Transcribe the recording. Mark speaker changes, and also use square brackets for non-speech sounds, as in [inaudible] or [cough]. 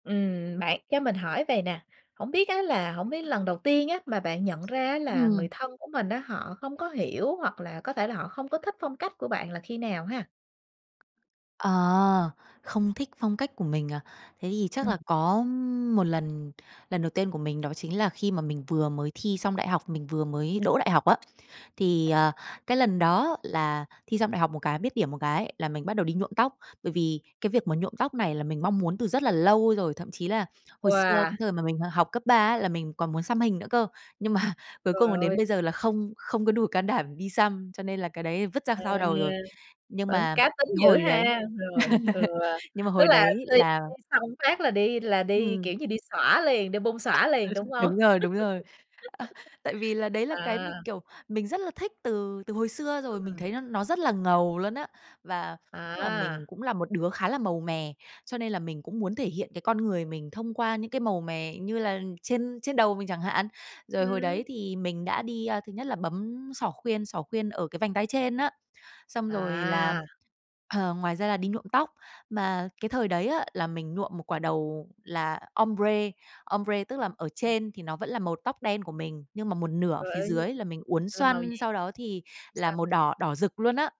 Speaker 1: Ừm, bạn cho mình hỏi vầy nè, hổng biết á là hổng biết lần đầu tiên á, mà bạn nhận ra á, là người
Speaker 2: Ừm.
Speaker 1: thân của mình á, họ không có hiểu hoặc là có thể là họ không có thích phong cách của bạn là khi nào ha?
Speaker 2: Ờ, không thích phong cách của mình à? Thế thì chắc
Speaker 1: Ừm.
Speaker 2: là có một lần, lần đầu tiên của mình đó chính là khi mà mình vừa mới thi xong đại học, mình vừa mới đỗ đại học á, thì, ờ, cái lần đó là thi xong đại học một cái, biết điểm một cái là mình bắt đầu đi nhuộm tóc. Bởi vì cái việc mà nhuộm tóc này là mình mong muốn từ rất là lâu rồi, thậm chí là hồi xưa
Speaker 1: Wow!
Speaker 2: cái thời mà mình, ờ, học cấp ba á, là mình còn muốn xăm hình nữa cơ. Nhưng mà cuối cùng
Speaker 1: Trời
Speaker 2: là đến
Speaker 1: ơi!
Speaker 2: bây giờ là không không có đủ can đảm đi xăm, cho nên là cái đấy vứt ra
Speaker 1: À,
Speaker 2: sau đầu rồi. Nhưng
Speaker 1: vẫn
Speaker 2: mà
Speaker 1: cá tính
Speaker 2: cái
Speaker 1: dữ
Speaker 2: hồi đấy
Speaker 1: ha!
Speaker 2: đấy
Speaker 1: Rồi, ừ,
Speaker 2: [laughs] nhưng mà
Speaker 1: tức
Speaker 2: hồi
Speaker 1: là
Speaker 2: đấy
Speaker 1: thi
Speaker 2: là
Speaker 1: thi xong phát là đi là đi,
Speaker 2: Ừm.
Speaker 1: kiểu như, đi xõa liền đi bung xõa
Speaker 2: Ừ,
Speaker 1: liền đúng hông?
Speaker 2: đúng rồi, đúng rồi. Ờ, tại vì là đấy
Speaker 1: [laughs]
Speaker 2: là cái
Speaker 1: À.
Speaker 2: mình, kiểu, mình rất là thích từ từ hồi xưa rồi. Mình
Speaker 1: Ừm.
Speaker 2: thấy nó nó rất là ngầu luôn á! Và, tức là, mình
Speaker 1: À.
Speaker 2: cũng là một đứa khá là màu mè, cho nên là mình cũng muốn thể hiện cái con người mình thông qua những cái màu mè, như là trên trên đầu mình chẳng hạn. Rồi hồi
Speaker 1: Ừm.
Speaker 2: đấy thì mình đã đi, a, thứ nhất là bấm xỏ khuyên xỏ khuyên ở cái vành tai trên á. Xong rồi là,
Speaker 1: À.
Speaker 2: ờ, ngoài ra là đi nhuộm tóc. Mà cái thời đấy á, là mình nhuộm một quả đầu là ombre. Ombre tức là ở trên thì nó vẫn là màu tóc đen của mình nhưng mà một nửa ở
Speaker 1: Rồi,
Speaker 2: phía
Speaker 1: ơi nhưng
Speaker 2: dưới là mình uốn
Speaker 1: làm màu gì?
Speaker 2: xoăn, sau đó thì là
Speaker 1: Sao
Speaker 2: màu đỏ, đỏ rực luôn á!